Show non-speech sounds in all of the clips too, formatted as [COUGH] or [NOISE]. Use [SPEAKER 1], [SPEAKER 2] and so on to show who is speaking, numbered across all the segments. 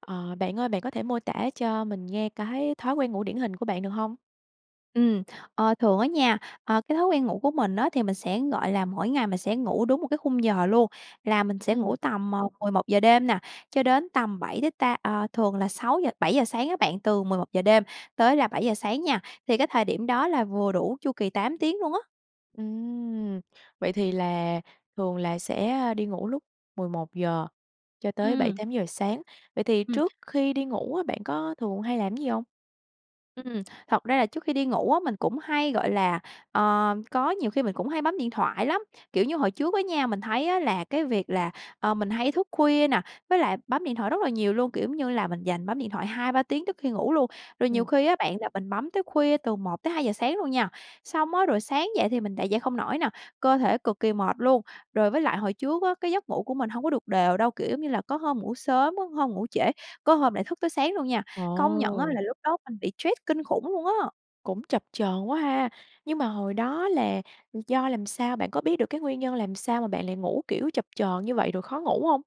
[SPEAKER 1] Ờ, bạn ơi, bạn có thể mô tả cho mình nghe cái thói quen ngủ điển hình của bạn được hông?
[SPEAKER 2] Ừm, ờ, thường á nha, ờ, cái thói quen ngủ của mình á, thì mình sẽ, gọi là, mỗi ngày mình sẽ ngủ đúng một cái khung giờ luôn. Là mình sẽ
[SPEAKER 1] Ừm.
[SPEAKER 2] ngủ tầm, ờ, 11:00 đêm nè, cho đến tầm 7 đến ta ờ, thường là 6:00, 7:00 sáng á bạn, từ 11:00 đêm tới là 7:00 sáng nha. Thì cái thời điểm đó là vừa đủ chu kỳ 8 tiếng luôn á.
[SPEAKER 1] Ừm. Vậy thì là thường là sẽ đi ngủ lúc 11:00 cho tới bảy
[SPEAKER 2] Ừm.
[SPEAKER 1] tám giờ sáng. Vậy thì
[SPEAKER 2] Ừm.
[SPEAKER 1] trước khi đi ngủ á, bạn có thường hay làm cái gì hông?
[SPEAKER 2] Ừm, thật ra là trước khi đi ngủ á, mình cũng hay gọi là, ờ, có nhiều khi mình cũng hay bấm điện thoại lắm. Kiểu như hồi trước á nha, mình thấy á là cái việc là, ờ, mình hay thức khuya nè, với lại bấm điện thoại rất là nhiều luôn, kiểu giống như là mình dành bấm điện thoại 2-3 tiếng trước khi ngủ luôn. Rồi nhiều
[SPEAKER 1] Ừm.
[SPEAKER 2] khi á bạn, là mình bấm tới khuya từ 1:00-2:00 sáng luôn nha, xong á, rồi sáng dậy thì mình lại dậy không nổi nè, cơ thể cực kỳ mệt luôn. Rồi với lại hồi trước á, cái giấc ngủ của mình hông có được đều đâu, kiểu giống như là có hôm ngủ sớm á, có hôm ngủ trễ, có hôm lại thức tới sáng luôn nha. Công nhận á
[SPEAKER 1] Ồ!
[SPEAKER 2] là lúc đó mình bị stress kinh khủng luôn á.
[SPEAKER 1] Cũng chập chờn quá ha! Nhưng mà hồi đó là do làm sao? Bạn có biết được cái nguyên nhân làm sao mà bạn lại ngủ kiểu chập chờn như vậy rồi khó ngủ hông?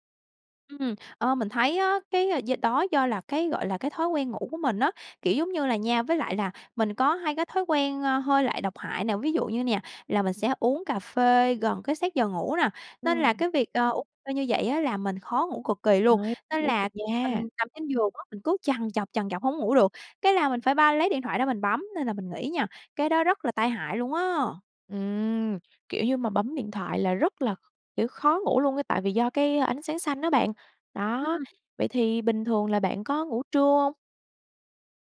[SPEAKER 2] Ừm, ờ, mình thấy á, cái d đó do là cái, gọi là, cái thói quen ngủ của mình á. Kiểu giống như là nha với lại là mình có hay có thói quen, ơ, hơi lại độc hại nè. Ví dụ như nè, là mình sẽ uống cà phê gần cái sát giờ ngủ nè, nên là
[SPEAKER 1] Ừm.
[SPEAKER 2] cái việc, ờ, uống phê như vậy á, là mình khó ngủ cực kỳ
[SPEAKER 1] Trời
[SPEAKER 2] luôn.
[SPEAKER 1] ơi, khó
[SPEAKER 2] Nên
[SPEAKER 1] ngủ thiệt
[SPEAKER 2] là
[SPEAKER 1] nha!
[SPEAKER 2] mình nằm trên giường á, mình cứ trằn trọc, trằn trọc hông ngủ được, cái là mình phải ba lấy điện thoại ra mình bấm, nên là mình nghĩ nha, cái đó rất là tai hại luôn á!
[SPEAKER 1] Ừm, kiểu như mà bấm điện thoại là rất là, kiểu, khó ngủ luôn ấy, tại vì do cái ánh sáng xanh á bạn, đó.
[SPEAKER 2] Ừm.
[SPEAKER 1] Vậy thì bình thường là bạn có ngủ trưa hông?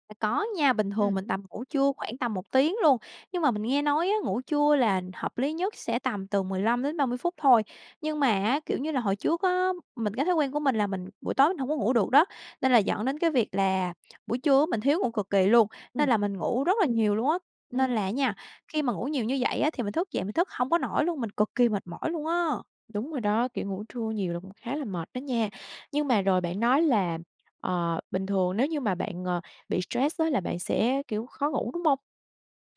[SPEAKER 2] À, có nha, bình thường
[SPEAKER 1] Ừm.
[SPEAKER 2] mình tầm ngủ trưa khoảng tầm 1 tiếng luôn. Nhưng mà mình nghe nói á, ngủ trưa là hợp lý nhất sẽ tầm từ 15-30 phút thôi. Nhưng mà á, kiểu như là, hồi trước á, mình cái thói quen của mình là mình buổi tối mình hông có ngủ được đó, nên là dẫn đến cái việc là buổi trưa á, mình thiếu ngủ cực kỳ luôn,
[SPEAKER 1] Ừm.
[SPEAKER 2] nên là mình ngủ rất là nhiều luôn á.
[SPEAKER 1] Ừm.
[SPEAKER 2] Nên là á nha, khi mà ngủ nhiều như vậy á thì mình thức dậy mình thức hông có nổi luôn, mình cực kỳ mệt mỏi luôn á!
[SPEAKER 1] Đúng rồi đó, kiểu, ngủ trưa nhiều là cũng khá là mệt đó nha. Nhưng mà rồi bạn nói là, ờ, bình thường nếu như mà bạn, ờ, bị stress á, là bạn sẽ, kiểu, khó ngủ đúng hông?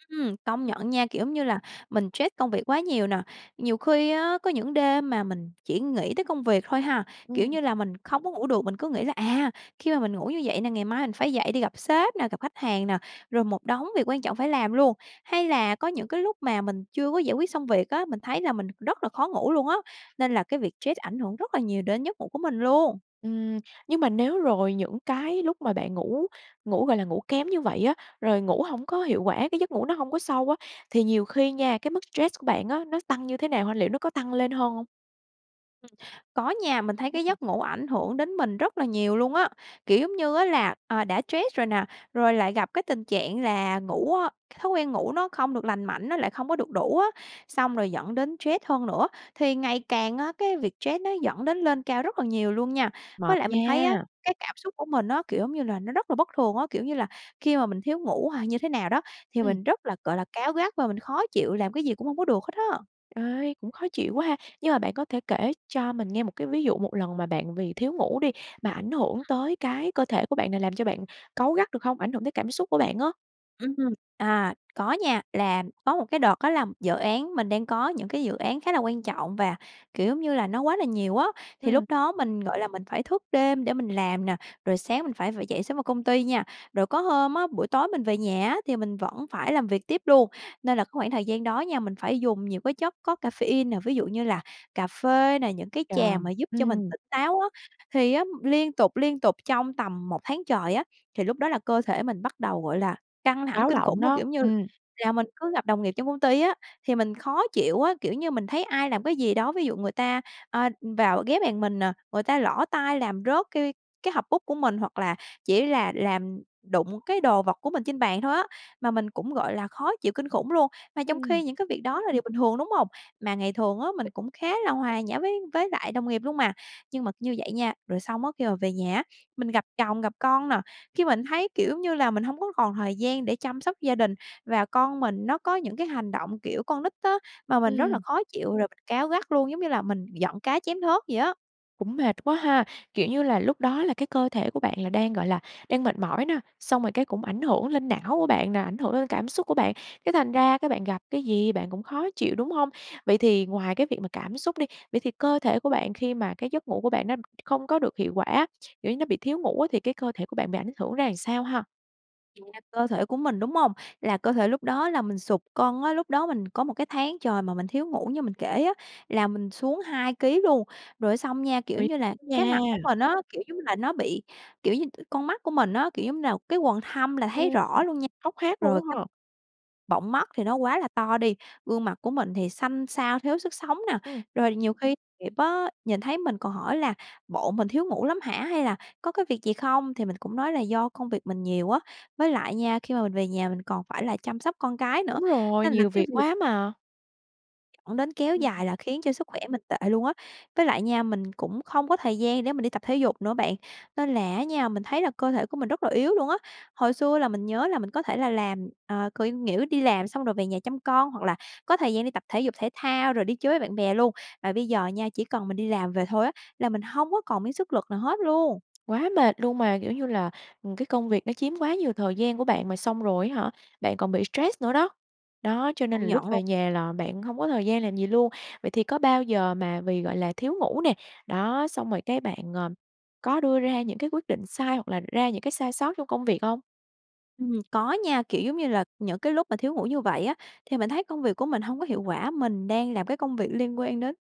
[SPEAKER 2] Ừm, công
[SPEAKER 1] Ừm.
[SPEAKER 2] nhận nha, kiểu giống như là, mình stress công việc quá nhiều nè. Nhiều khi á, có những đêm mà mình chỉ nghĩ tới công việc thôi ha. Kiểu
[SPEAKER 1] Ừm.
[SPEAKER 2] như là mình không có ngủ được, mình cứ nghĩ là, à, khi mà mình ngủ như vậy nè, ngày mai mình phải dậy đi gặp sếp nè, gặp khách hàng nè, rồi một đống việc quan trọng phải làm luôn. Hay là có những cái lúc mà mình chưa có giải quyết xong việc á, mình thấy là mình rất là khó ngủ luôn á, nên là cái việc stress ảnh hưởng rất là nhiều đến giấc ngủ của mình luôn!
[SPEAKER 1] Ừm, nhưng mà nếu rồi những cái lúc mà bạn ngủ ngủ, gọi là, ngủ kém như vậy á, rồi ngủ hổng có hiệu quả, cái giấc ngủ nó hông có sâu á, thì nhiều khi nha, cái mức stress của bạn á, nó tăng như thế nào ha? Liệu nó có tăng lên hơn hông?
[SPEAKER 2] Ừm, có nha, mình thấy cái
[SPEAKER 1] Ừm.
[SPEAKER 2] giấc ngủ ảnh hưởng đến mình rất là nhiều luôn á. Kiểu giống như á là, à, đã stress rồi nè, rồi lại gặp cái tình trạng là ngủ á, thói quen ngủ nó không được lành mạnh, nó lại không có được đủ á, xong rồi dẫn đến stress hơn nữa. Thì ngày càng á, cái việc stress nó dẫn đến lên cao rất là nhiều luôn nha. Với
[SPEAKER 1] Mệt
[SPEAKER 2] lại mình thấy á
[SPEAKER 1] nha.
[SPEAKER 2] cái cảm xúc của mình á, kiểu giống như là, nó rất là bất thường á, kiểu như là, khi mà mình thiếu ngủ hay như thế nào đó thì
[SPEAKER 1] Ừm.
[SPEAKER 2] mình rất là, gọi là, cáu gắt và mình khó chịu, làm cái gì cũng hông có được hết á.
[SPEAKER 1] Ê! Cũng khó chịu quá ha! Nhưng mà bạn có thể kể cho mình nghe một cái ví dụ một lần mà bạn vì thiếu ngủ đi mà ảnh hưởng tới cái cơ thể của bạn này, làm cho bạn cáu gắt được hông, ảnh hưởng tới cảm xúc của bạn á?
[SPEAKER 2] Ừm. À, có nha, là có một cái đợt đó là dự án mình đang có những cái dự án khá là quan trọng và, kiểu, giống như là, nó quá là nhiều á. Thì
[SPEAKER 1] Ừm.
[SPEAKER 2] lúc đó mình, gọi là, mình phải thức đêm để mình làm nè, rồi sáng mình phải phải v dậy sớm vào công ty nha. Rồi có hôm á, buổi tối mình về nhà á thì mình vẫn phải làm việc tiếp luôn. Nên là cái khoảng thời gian đó nha, mình phải dùng nhiều cái chất có caffeine nè, ví dụ như là cà phê nè, những cái trà
[SPEAKER 1] Trời!
[SPEAKER 2] mà giúp cho mình
[SPEAKER 1] Ừm.
[SPEAKER 2] tỉnh táo á. Thì á liên tục, liên tục trong tầm 1 tháng trời á, thì lúc đó là cơ thể mình bắt đầu, gọi là, căng thẳng
[SPEAKER 1] Báo
[SPEAKER 2] kinh khủng
[SPEAKER 1] động
[SPEAKER 2] luôn. Kiểu,
[SPEAKER 1] đó,
[SPEAKER 2] giống như
[SPEAKER 1] ừm.
[SPEAKER 2] là, mình cứ gặp đồng nghiệp trong công ty á, thì mình khó chịu á, kiểu như mình thấy ai làm cái gì đó, ví dụ người ta, ờ, vào ghé bàn mình nè, người ta lỡ tay làm rớt cai cái hộp bút của mình hoặc là chỉ là làm đụng cái đồ vật của mình trên bàn thôi á, mà mình cũng gọi là khó chịu kinh khủng luôn. Mà trong
[SPEAKER 1] Ừm.
[SPEAKER 2] khi những cái việc đó là điều bình thường, đúng hông? Mà ngày thường á mình cũng khá là hòa nhã với với lại đồng nghiệp luôn mà, nhưng mà như vậy nha. Rồi xong á khi mà về nhà á, mình gặp chồng gặp con nè, khi mình thấy, kiểu, giống như là mình hông có còn thời gian để chăm sóc gia đình, và con mình nó có những cái hành động kiểu con nít á, mà mình rất là
[SPEAKER 1] Ừm.
[SPEAKER 2] khó chịu rồi mình cáu gắt luôn, giống như là mình giận cá chém thớt vậy á.
[SPEAKER 1] Cũng mệt quá ha. Kiểu như là, lúc đó là cái cơ thể của bạn là đang, gọi là, đang mệt mỏi nà, xong rồi cái cũng ảnh hưởng lên não của bạn nà, ảnh hưởng đến cảm xúc của bạn, cái thành ra cái bạn gặp cái gì bạn cũng khó chịu, đúng hông? Vậy thì ngoài cái việc mà cảm xúc đi, vậy thì cơ thể của bạn khi mà cái giấc ngủ của bạn nó không có được hiệu quả á, kiểu như, nó bị thiếu ngủ á, thì cái cơ thể của bạn bị ảnh hưởng ra làm sao ha?
[SPEAKER 2] [UNINTELLIGIBLE] Cơ thể của mình, đúng hông? Là cơ thể lúc đó là mình sụt cân á, lúc đó mình có một cái tháng trời mà mình thiếu ngủ như mình kể á, là mình xuống 2 ký luôn. Rồi á, xong nha, kiểu
[SPEAKER 1] Nguy
[SPEAKER 2] như là,
[SPEAKER 1] h
[SPEAKER 2] cái mặt của
[SPEAKER 1] nha.
[SPEAKER 2] mình á, kiểu, giống như là, nó bị, kiểu như, t con mắt của mình á, kiểu, giống như là, cái quầng thâm là
[SPEAKER 1] Ừm,
[SPEAKER 2] thấy rõ luôn nha,
[SPEAKER 1] hốc hác luôn
[SPEAKER 2] rồi c
[SPEAKER 1] á ha.
[SPEAKER 2] bọng mắt thì nó quá là to đi, gương mặt của mình thì xanh xao, thiếu sức sống nà.
[SPEAKER 1] Ừm.
[SPEAKER 2] Rồi nhiều khi đồng nghiệp á, nhìn thấy mình còn hỏi là bộ mình thiếu ngủ lắm hả? Hay là có cái việc gì không? Thì mình cũng nói là do công việc mình nhiều á, với lại nha khi mà mình về nhà mình còn phải là chăm sóc con cái nữa,
[SPEAKER 1] Đúng rồi,
[SPEAKER 2] nên là
[SPEAKER 1] nhiều
[SPEAKER 2] cái
[SPEAKER 1] việc
[SPEAKER 2] việc
[SPEAKER 1] quá mà.
[SPEAKER 2] dẫn đến kéo dài
[SPEAKER 1] Ừm.
[SPEAKER 2] là khiến cho sức khỏe mình tệ luôn á, với lại nha, mình cũng không có thời gian để mình đi tập thể dục nữa bạn, nên là á nha, mình thấy là cơ thể của mình rất là yếu luôn á. Hồi xưa là mình nhớ là mình có thể là làm, ờ, cỡ nghĩa đi làm xong rồi về nhà chăm con hoặc là có thời gian đi tập thể dục thể thao rồi đi chơi với bạn bè luôn, mà bây giờ nha, chỉ cần mình đi làm về thôi á, là mình hông có còn miếng sức lực nào hết luôn.
[SPEAKER 1] Quá mệt luôn mà! Kiểu như là, ừm, cái công việc nó chiếm quá nhiều thời gian của bạn mà, xong rồi á hả, bạn còn bị stress nữa đó. Đó, cho nên
[SPEAKER 2] Công
[SPEAKER 1] là lúc
[SPEAKER 2] nhận luôn.
[SPEAKER 1] về nhà là bạn hông có thời gian làm gì luôn. Vậy thì có bao giờ mà vì, gọi là, thiếu ngủ nè. Đó, xong rồi cái bạn, ờ, có đưa ra những cái quyết định sai hoặc là ra những cái sai sót trong công việc hông?
[SPEAKER 2] Ừm, có nha, kiểu, giống như là, những cái lúc mà thiếu ngủ như vậy á thì mình thấy công việc của mình hông có hiệu quả. Mình đang làm cái công việc liên quan đến,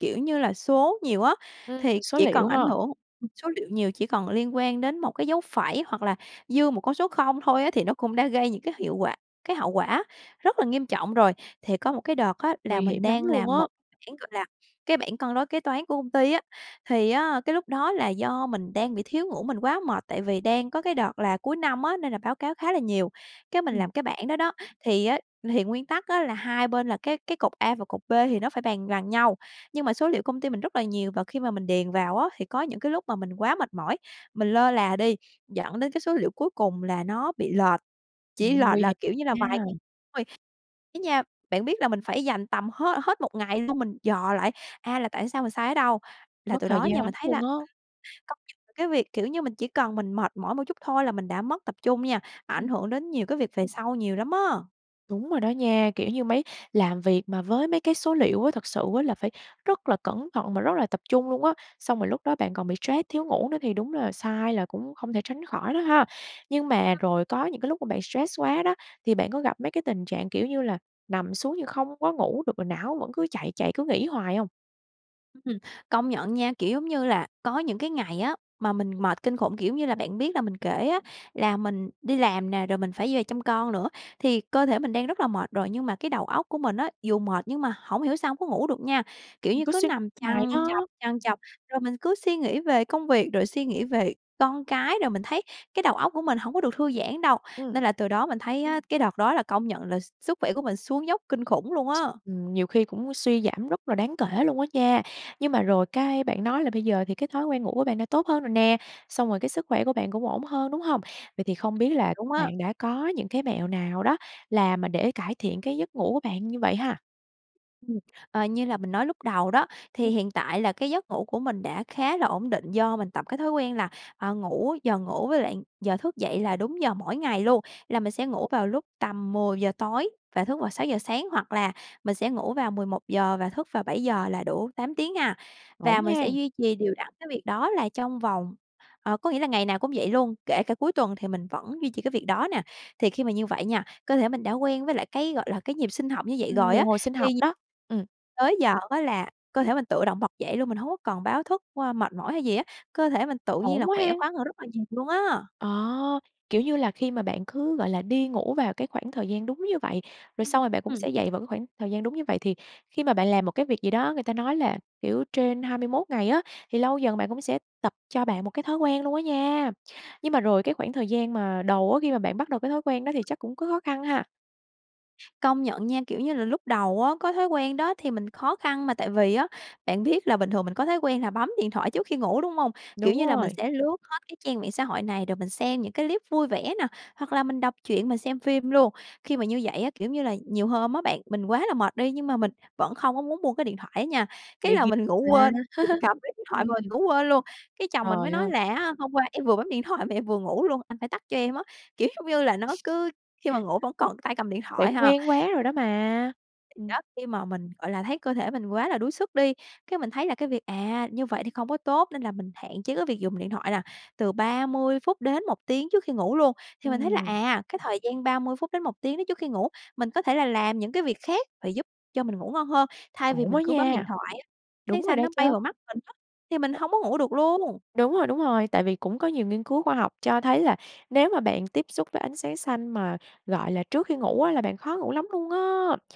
[SPEAKER 2] kiểu như là, số nhiều á,
[SPEAKER 1] Ừm,
[SPEAKER 2] thì
[SPEAKER 1] số
[SPEAKER 2] chỉ cần
[SPEAKER 1] liệu ha.
[SPEAKER 2] ảnh hưởng, ừm, số liệu nhiều, chỉ cần liên quan đến một cái dấu phẩy hoặc là dư một con số không thôi á, thì nó cũng đã gây những cái hiệu quả cái hậu quả rất là nghiêm trọng rồi. Thì có một cái đợt á là
[SPEAKER 1] Nguy
[SPEAKER 2] mình
[SPEAKER 1] hiểm lắm
[SPEAKER 2] đang
[SPEAKER 1] luôn
[SPEAKER 2] làm
[SPEAKER 1] á!
[SPEAKER 2] một bảng, gọi là, cái bảng cân đối kế toán của công ty á. Thì á, cái lúc đó là do mình đang bị thiếu ngủ mình quá mệt, tại vì đang có cái đợt là cuối năm á, nên là báo cáo khá là nhiều. Cái mình
[SPEAKER 1] Ừm.
[SPEAKER 2] làm cái bảng đó đó, thì á, thì nguyên tắc á là hai bên là cái cái cột A và cột B thì nó phải bàn bằng nhau, nhưng mà số liệu công ty mình rất là nhiều và khi mà mình điền vào á, thì có những cái lúc mà mình quá mệt mỏi, mình lơ là đi, dẫn đến cái số liệu cuối cùng là nó bị lệch, chỉ
[SPEAKER 1] Ừm,
[SPEAKER 2] lệch
[SPEAKER 1] nguy
[SPEAKER 2] là,
[SPEAKER 1] hiểm
[SPEAKER 2] kiểu như là, vài
[SPEAKER 1] nha.
[SPEAKER 2] [UNINTELLIGIBLE] thôi [UNINTELLIGIBLE] á nha. Bạn biết là mình phải dành tầm hết hết một ngày luôn, mình dò lại, à, là tại sao, mình sai ở đâu. Là
[SPEAKER 1] Mất
[SPEAKER 2] từ
[SPEAKER 1] thời
[SPEAKER 2] đó
[SPEAKER 1] gian
[SPEAKER 2] nha,
[SPEAKER 1] lắm
[SPEAKER 2] mình thấy
[SPEAKER 1] luôn
[SPEAKER 2] là
[SPEAKER 1] á!
[SPEAKER 2] có những cái việc, kiểu như, mình chỉ cần mình mệt mỏi một chút thôi là mình đã mất tập trung nha, ảnh
[SPEAKER 1] Ừm.
[SPEAKER 2] hưởng đến nhiều cái việc về sau nhiều lắm á!
[SPEAKER 1] Đúng rồi đó nha, kiểu như mấy làm việc mà với mấy cái số liệu á, thật sự á là phải rất là cẩn thận và rất là tập trung luôn á. Xong rồi lúc đó bạn còn bị stress, thiếu ngủ nữa thì đúng là sai là cũng không thể tránh khỏi đó ha. Nhưng mà
[SPEAKER 2] [UNINTELLIGIBLE]
[SPEAKER 1] rồi có những cái lúc mà bạn stress quá đó, thì bạn có gặp mấy cái tình trạng, kiểu như là, nằm xuống nhưng không có ngủ được, rồi não vẫn cứ chạy chạy, cứ nghĩ hoài hông?
[SPEAKER 2] Ừm. Công nhận nha, kiểu, giống như là có những cái ngày á, mà mình mệt kinh khủng, kiểu như là
[SPEAKER 1] [UNINTELLIGIBLE]
[SPEAKER 2] bạn biết là mình kể á là mình đi làm nè, rồi mình phải về chăm con nữa. Thì cơ thể mình đang rất là mệt rồi, nhưng mà cái đầu óc của mình á, dù mệt nhưng mà hổng hiểu sao hông có ngủ được nha. Kiểu
[SPEAKER 1] Mình
[SPEAKER 2] như
[SPEAKER 1] cứ
[SPEAKER 2] cứ
[SPEAKER 1] suy
[SPEAKER 2] nằm
[SPEAKER 1] hoài
[SPEAKER 2] trằn
[SPEAKER 1] đó.
[SPEAKER 2] trọc, trằn trọc, rồi mình cứ suy nghĩ về công việc, rồi suy nghĩ về con cái rồi mình thấy cái đầu óc của mình hổng có được thư giãn đâu.
[SPEAKER 1] Ừm.
[SPEAKER 2] Nên là từ đó mình thấy á cái đợt đó là công nhận là s sức khỏe của mình xuống dốc kinh khủng luôn
[SPEAKER 1] S
[SPEAKER 2] á!
[SPEAKER 1] ừm, nhiều khi cũng suy giảm rất là đáng kể luôn á nha. Nhưng mà rồi cái bạn nói là bây giờ thì cái thói quen ngủ của bạn đã tốt hơn rồi nè, xong rồi cái sức khỏe của bạn cũng ổn hơn, đúng hông? Vậy thì không
[SPEAKER 2] Ừm,
[SPEAKER 1] biết là
[SPEAKER 2] đúng á.
[SPEAKER 1] bạn đã có những cái mẹo nào đó là mà để cải thiện cái giấc ngủ của bạn như vậy ha?
[SPEAKER 2] Ừm. Ờ, như là mình nói lúc đầu đó, thì
[SPEAKER 1] Ừm.
[SPEAKER 2] hiện tại là cái giấc ngủ của mình đã khá là ổn định do mình tập cái thói quen là, ờ, ngủ giờ ngủ với lại giờ thức dậy là đúng giờ mỗi ngày
[SPEAKER 1] Ừm.
[SPEAKER 2] luôn. Là mình sẽ ngủ vào lúc tầm 10:00 tối và thức vào 6:00 sáng, hoặc là mình sẽ ngủ vào 11:00 và thức vào 7:00 là đủ 8 tiếng ha. Và
[SPEAKER 1] Ổn
[SPEAKER 2] mình
[SPEAKER 1] ha.
[SPEAKER 2] sẽ duy trì đều đặn cái việc đó là trong vòng ờ, có nghĩa là ngày nào cũng vậy luôn, kể cả cuối tuần thì mình vẫn duy trì cái việc đó nè. Thì khi mà như vậy nha, cơ thể mình đã quen với lại cái, gọi là, cái nhịp sinh học như vậy
[SPEAKER 1] Ừm,
[SPEAKER 2] rồi
[SPEAKER 1] đồng
[SPEAKER 2] á,
[SPEAKER 1] hồ sinh học
[SPEAKER 2] thì
[SPEAKER 1] đó, ừm.
[SPEAKER 2] tới giờ á là cơ thể mình tự động bật dậy luôn. Mình hông có cần báo thức, ơ, mệt mỏi hay gì á, cơ thể mình tự nhiên
[SPEAKER 1] Ổn
[SPEAKER 2] là
[SPEAKER 1] quá
[SPEAKER 2] khỏe
[SPEAKER 1] ha!
[SPEAKER 2] khoắn hơn rất là nhiều luôn á.
[SPEAKER 1] Ờ, kiểu như là, khi mà bạn cứ, gọi là, đi ngủ vào cái khoảng thời gian đúng như vậy, rồi
[SPEAKER 2] Ưm,
[SPEAKER 1] sau rồi bạn cũng
[SPEAKER 2] ừm.
[SPEAKER 1] sẽ dậy vào cái khoảng thời gian đúng như vậy thì khi mà bạn làm một cái việc gì đó, người ta nói là kiểu trên 21 ngày á, thì lâu dần bạn cũng sẽ tập cho bạn một cái thói quen luôn á nha. Nhưng mà rồi cái khoảng thời gian mà đầu á, khi mà bạn bắt đầu cái thói quen đó thì chắc cũng có khó khăn ha?
[SPEAKER 2] Công nhận nha. Kiểu như là lúc đầu á, có thói quen đó thì mình khó khăn mà, tại vì á bạn biết là bình thường mình có thói quen là bấm điện thoại trước khi ngủ, đúng hông? Kiểu
[SPEAKER 1] Đúng
[SPEAKER 2] như là mình
[SPEAKER 1] rồi.
[SPEAKER 2] sẽ lướt hết cái trang mạng xã hội này rồi mình xem những cái clip vui vẻ nè, hoặc là mình đọc truyện, mình xem phim luôn. Khi mà như vậy á, kiểu, giống như là, nhiều hôm á bạn, mình quá là mệt đi, nhưng mà mình vẫn không có muốn buông cái điện thoại á nha. Cái
[SPEAKER 1] Bị
[SPEAKER 2] là
[SPEAKER 1] gh
[SPEAKER 2] mình ngủ
[SPEAKER 1] mà.
[SPEAKER 2] quên, mình cầm cái
[SPEAKER 1] [LAUGHS]
[SPEAKER 2] điện thoại mà mình
[SPEAKER 1] Ừm.
[SPEAKER 2] ngủ quên luôn. Cái chồng mình mới
[SPEAKER 1] Trời
[SPEAKER 2] nói
[SPEAKER 1] ơi!
[SPEAKER 2] là á "Hôm qua em vừa bấm điện thoại mà em vừa ngủ luôn, anh phải tắt cho em á." Kiểu giống như là nó cứ khi mà ngủ vẫn còn cái tay cầm
[SPEAKER 1] [LAUGHS]
[SPEAKER 2] điện
[SPEAKER 1] Tại
[SPEAKER 2] thoại ha.
[SPEAKER 1] quen quá rồi đó mà.
[SPEAKER 2] Thì
[SPEAKER 1] Ừm.
[SPEAKER 2] đó, khi mà mình, gọi là, thấy cơ thể mình quá là đuối sức đi, cái mình thấy là cái việc, à, như vậy thì không có tốt nên là mình hạn chế cái việc dùng điện thoại là từ 30 phút đến 1 tiếng trước khi ngủ luôn. Thì mình thấy là,
[SPEAKER 1] Ừm.
[SPEAKER 2] à, cái thời gian 30 phút đến 1 tiếng đò trước khi ngủ, mình có thể là làm những cái việc khác và giúp cho mình ngủ ngon hơn, thay vì
[SPEAKER 1] Ổn
[SPEAKER 2] mình
[SPEAKER 1] á
[SPEAKER 2] cứ bấm điện
[SPEAKER 1] nha.
[SPEAKER 2] thoại á
[SPEAKER 1] Đúng
[SPEAKER 2] sáng
[SPEAKER 1] rồi
[SPEAKER 2] xanh
[SPEAKER 1] đó
[SPEAKER 2] nó bay
[SPEAKER 1] chớ.
[SPEAKER 2] vào mắt mình á, thì mình hông có ngủ được luôn.
[SPEAKER 1] Đúng rồi, đúng rồi, tại vì cũng có nhiều nghiên cứu khoa học cho thấy là nếu mà bạn tiếp xúc với ánh sáng xanh mà, gọi là, trước khi ngủ á là bạn khó ngủ lắm luôn á.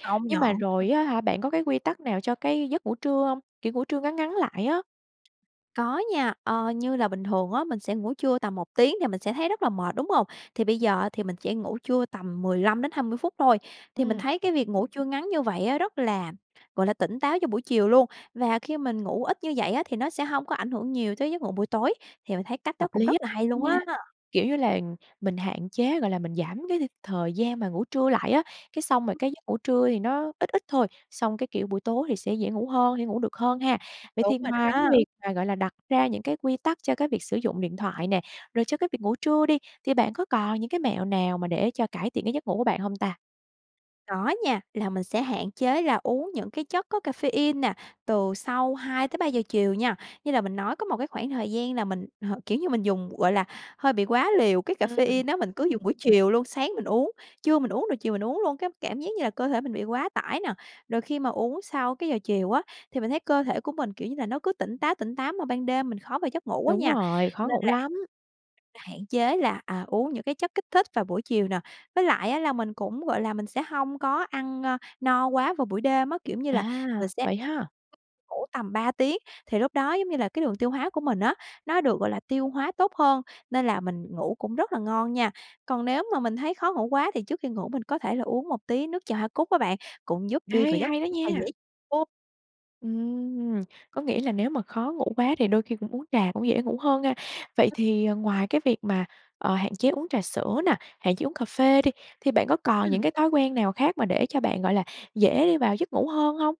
[SPEAKER 2] Công
[SPEAKER 1] Nhưng mà
[SPEAKER 2] nhận.
[SPEAKER 1] rồi
[SPEAKER 2] Ừm.
[SPEAKER 1] á hả, bạn có cái quy tắc nào cho cái giấc ngủ trưa hông? Kiểu ngủ trưa ngắn ngắn lại á.
[SPEAKER 2] Có nha. Ờ, như là bình thường á, mình sẽ ngủ trưa tầm 1 tiếng thì mình sẽ thấy rất là mệt, đúng hông? Thì bây giờ, thì mình chẻ ngủ trưa tầm 15-20 phút thôi. Thì mình
[SPEAKER 1] Ừm.
[SPEAKER 2] thấy cái việc ngủ trưa ngắn như vậy á, rất là, gọi là, tỉnh táo cho buổi chiều luôn. Và khi mình ngủ ít như vậy á, thì nó sẽ hông có ảnh hưởng nhiều tới giấc ngủ buổi tối. Thì mình thấy cách
[SPEAKER 1] Hợp
[SPEAKER 2] đó cũng
[SPEAKER 1] lý á
[SPEAKER 2] rất là hay luôn á.
[SPEAKER 1] nha. Kiểu như là mình hạn chế, gọi là, mình giảm cái đi thời gian mà ngủ trưa lại á. Cái xong rồi
[SPEAKER 2] [UNINTELLIGIBLE]
[SPEAKER 1] cái giấc ngủ trưa thì nó ít ít thôi, xong cái, kiểu, buổi tối thì sẽ dễ ngủ hơn, dễ ngủ được hơn ha. Vậy
[SPEAKER 2] Đúng
[SPEAKER 1] thì
[SPEAKER 2] rồi
[SPEAKER 1] ngoài cái
[SPEAKER 2] đó!
[SPEAKER 1] việc mà, gọi là, đặt ra những cái quy tắc cho cái việc sử dụng điện thoại nè, rồi cho cái việc ngủ trưa đi, thì bạn có còn những cái mẹo nào mà để cho cải thiện cái giấc ngủ của bạn hông ta?
[SPEAKER 2] Có nha, là mình sẽ hạn chế là uống những cái chất có caffeine nè, từ sau 2:00-3:00 chiều nha. Như là mình nói có một cái khoảng thời gian là mình h kiểu như mình dùng, gọi là, hơi bị quá liều cái
[SPEAKER 1] Ừm.
[SPEAKER 2] caffeine á, mình cứ dùng buổi chiều luôn, sáng mình uống, trưa mình uống, rồi chiều mình uống luôn, cái cảm giác như là cơ thể mình bị quá tải nè. Rồi khi mà uống sau cái giờ chiều á, thì mình thấy cơ thể của mình, kiểu như là, nó cứ tỉnh táo, tỉnh táo, mà ban đêm mình khó vào giấc ngủ á
[SPEAKER 1] Đúng
[SPEAKER 2] nha.
[SPEAKER 1] rồi, khó
[SPEAKER 2] Nên
[SPEAKER 1] ngủ
[SPEAKER 2] là
[SPEAKER 1] lắm.
[SPEAKER 2] hạn chế là, à, uống những cái chất kích thích vào buổi chiều nè. Với lại á, là mình cũng, gọi là, mình sẽ hông có ăn, ơ, no quá vào buổi đêm á, kiểu giống như là
[SPEAKER 1] À,
[SPEAKER 2] mình sẽ
[SPEAKER 1] vậy ha.
[SPEAKER 2] ngủ tầm 3 tiếng. Thì lúc đó, giống như là, cái đường tiêu hóa của mình á, nó được, gọi là, tiêu hóa tốt hơn, nên là mình ngủ cũng rất là ngon nha. Còn nếu mà mình thấy khó ngủ quá thì trước khi ngủ, mình có thể là uống một tí nước trà hoa cúc á bạn, cũng giúp đi
[SPEAKER 1] Hay,
[SPEAKER 2] vào giấc
[SPEAKER 1] hay đó
[SPEAKER 2] ngủ rất là
[SPEAKER 1] nha!
[SPEAKER 2] dễ luôn.
[SPEAKER 1] Ừm, có nghĩa là, nếu mà khó ngủ quá thì đôi khi cũng uống trà cũng dễ ngủ hơn nha. Vậy
[SPEAKER 2] [UNINTELLIGIBLE]
[SPEAKER 1] thì à ngoài cái việc mà, ờ, hạn chế uống trà sữa nè, hạn chế uống cà phê đi, thì bạn có còn
[SPEAKER 2] Ừm.
[SPEAKER 1] những cái thói quen nào khác mà để cho bạn, gọi là, dễ đi vào giấc ngủ hơn hông?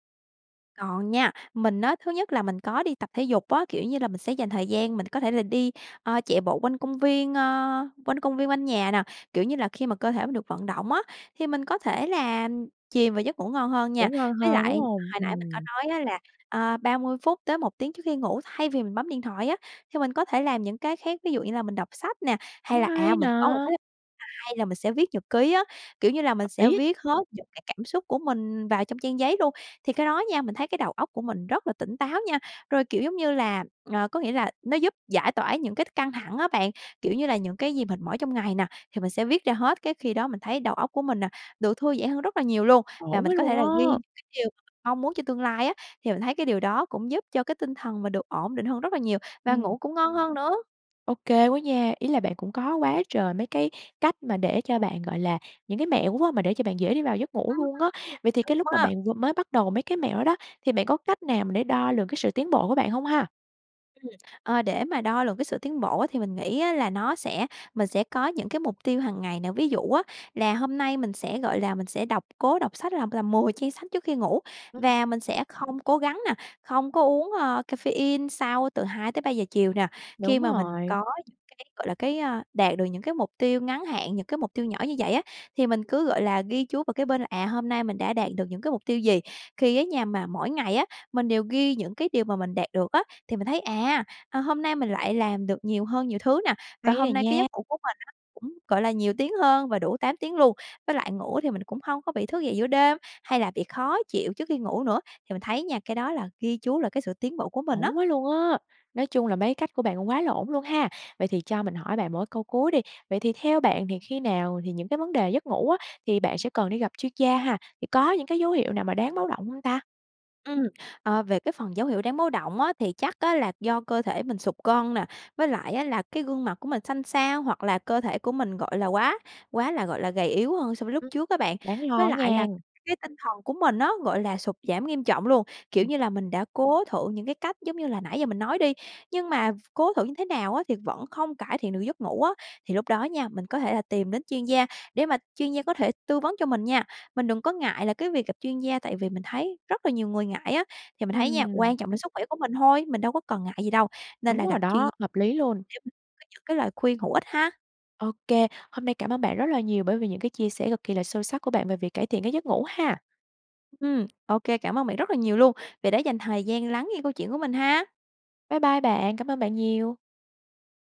[SPEAKER 2] Còn nha, mình á, thứ nhất là mình có đi tập thể dục á, kiểu như là, mình sẽ dành thời gian, mình có thể là đi, ờ, chạy bộ quanh công viên ơ, quanh công viên quanh nhà nà, kiểu như là, khi mà cơ thể mình được vận động á, thì mình có thể là chìm vào giấc ngủ ngon hơn
[SPEAKER 1] Ngủ
[SPEAKER 2] nha.
[SPEAKER 1] ngon
[SPEAKER 2] Với
[SPEAKER 1] hơn, đúng
[SPEAKER 2] lại
[SPEAKER 1] hông?
[SPEAKER 2] hồi nãy mình có
[SPEAKER 1] Ừm.
[SPEAKER 2] nói á là, ờ, 30 phút tới 1 tiếng trước khi ngủ, thay vì mình bấm điện thoại á, thì mình có thể làm những cái khác, ví dụ như là mình đọc sách nè,
[SPEAKER 1] Cũng
[SPEAKER 2] hay là à
[SPEAKER 1] hay
[SPEAKER 2] mình có một
[SPEAKER 1] nà.
[SPEAKER 2] cái hay là mình sẽ viết nhật ký á, kiểu như là, mình
[SPEAKER 1] Hợp
[SPEAKER 2] sẽ
[SPEAKER 1] lý.
[SPEAKER 2] viết hết những cái cảm xúc của mình vào trong trang giấy luôn. Thì cái đó nha, mình thấy cái đầu óc của mình rất là tỉnh táo nha, rồi, kiểu, giống như là, ờ, có nghĩa là, nó giúp giải tỏa những cái th căng thẳng á bạn. Kiểu như là, những cái gì mệt mỏi trong ngày nè, thì mình sẽ viết ra hết, cái khi đó mình thấy đầu óc của mình, à, được thư giãn hơn rất là nhiều luôn. Và
[SPEAKER 1] Ổn
[SPEAKER 2] mình
[SPEAKER 1] quá
[SPEAKER 2] có
[SPEAKER 1] luôn
[SPEAKER 2] thể là ghi
[SPEAKER 1] á!
[SPEAKER 2] những cái điều mình mong muốn cho tương lai á, thì mình thấy cái điều đó cũng giúp cho cái tinh thần mình được ổn định hơn rất là nhiều và
[SPEAKER 1] Ừm.
[SPEAKER 2] ngủ cũng ngon hơn nữa.
[SPEAKER 1] Ô kê quá nha, ý là bạn cũng có quá trời mấy cái cách mà để cho bạn gọi là, những cái mẹo quá mà để cho bạn dễ đi vào giấc ngủ
[SPEAKER 2] Ừm.
[SPEAKER 1] luôn á. Vậy thì
[SPEAKER 2] Đúng
[SPEAKER 1] cái lúc mà
[SPEAKER 2] á.
[SPEAKER 1] bạn vừa mới bắt đầu mấy cái mẹo đó đó, thì bạn có cách nào mà để đo lường cái sự tiến bộ của bạn hông ha?
[SPEAKER 2] Ừm, ờ, để mà đo lường cái sự tiến bộ á thì mình nghĩ á, là nó sẽ mình sẽ có những cái mục tiêu hằng ngày nè. Ví dụ á là hôm nay mình sẽ, gọi là, mình sẽ đọc cố đọc sách là là 10 trang sách trước khi ngủ.
[SPEAKER 1] Ừm.
[SPEAKER 2] Và mình sẽ không cố gắng nè, không có uống, ờ, caffeine sau từ 2:00-3:00 chiều nè. Khi
[SPEAKER 1] Đúng
[SPEAKER 2] mà mình
[SPEAKER 1] rồi.
[SPEAKER 2] có những cái, gọi là, cái, a, đạt được những cái mục tiêu ngắn hạn, những cái mục tiêu nhỏ như vậy á, thì mình cứ, gọi là, ghi chú vào kế bên là, à, hôm nay mình đã đạt được những cái mục tiêu gì. Khi á nha mà mỗi ngày á, mình đều ghi những cái điều mà mình đạt được á thì mình thấy à, a, hôm nay mình lại làm được nhiều hơn nhiều thứ nè. Và
[SPEAKER 1] Hay nè
[SPEAKER 2] hôm nay cái giấc
[SPEAKER 1] nha!
[SPEAKER 2] ngủ của mình á, cũng, gọi là, nhiều tiếng hơn và đủ 8 tiếng luôn. Với lại ngủ á thì mình cũng hông có bị thức dậy giữa đêm, hay là bị khó chịu trước khi ngủ nữa. Thì mình thấy nha, cái đó là ghi chú là cái sự tiến bộ của mình á.
[SPEAKER 1] Ổn quá luôn á, nói chung là mấy cách của bạn cũng quá là ổn luôn ha. Vậy thì cho mình hỏi bạn một cái câu cuối đi, vậy thì theo bạn thì khi nào thì những cái vấn đề giấc ngủ á thì bạn sẽ cần đi gặp chuyên gia ha? Thì có những cái dấu hiệu nào mà đáng báo động hông ta?
[SPEAKER 2] Ừm, ờ, về cái phần dấu hiệu đáng báo động á, thì chắc á là do cơ thể mình sụt cân nè, với lại á là cái gương mặt của mình xanh xao hoặc là cơ thể của mình, gọi là, quá quá là gọi là gầy yếu hơn so với lúc
[SPEAKER 1] Ừm,
[SPEAKER 2] trước á bạn.
[SPEAKER 1] đáng lo
[SPEAKER 2] Với
[SPEAKER 1] á
[SPEAKER 2] lại
[SPEAKER 1] nha.
[SPEAKER 2] là cái tinh thần của mình á, gọi là, sụt giảm nghiêm trọng luôn. Kiểu
[SPEAKER 1] Ừm.
[SPEAKER 2] như là mình đã cố thử những cái cách giống như là nãy giờ mình nói đi, nhưng v mà cố thử như thế nào á thì vẫn không cải thiện được giấc ngủ á. Thì lúc đó nha, mình có thể là tìm đến chuyên gia, để mà chuyên gia có thể tư vấn cho mình nha. Mình đừng có ngại là cái việc gặp chuyên gia tại vì mình thấy rất là nhiều người ngại á, thì mình thấy nha
[SPEAKER 1] Ừm.
[SPEAKER 2] quan trọng đến sức khỏe của mình thôi, mình đâu có cần ngại gì đâu. Nên
[SPEAKER 1] Đúng
[SPEAKER 2] là
[SPEAKER 1] rồi
[SPEAKER 2] gặp chuyên
[SPEAKER 1] đó,
[SPEAKER 2] gia
[SPEAKER 1] hợp lý luôn!
[SPEAKER 2] để mình có những cái lời khuyên hữu ích ha.
[SPEAKER 1] Ô kê, hôm nay cảm ơn bạn rất là nhiều bởi vì những cái chia sẻ cực kỳ là sâu sắc của bạn về việc cải thiện cái giấc ngủ ha.
[SPEAKER 2] Ừm, ô kê, cảm ơn bạn rất là nhiều luôn. Vì đã dành thời gian lắng nghe câu chuyện của mình ha.
[SPEAKER 1] Bye bye bạn, cảm ơn bạn nhiều.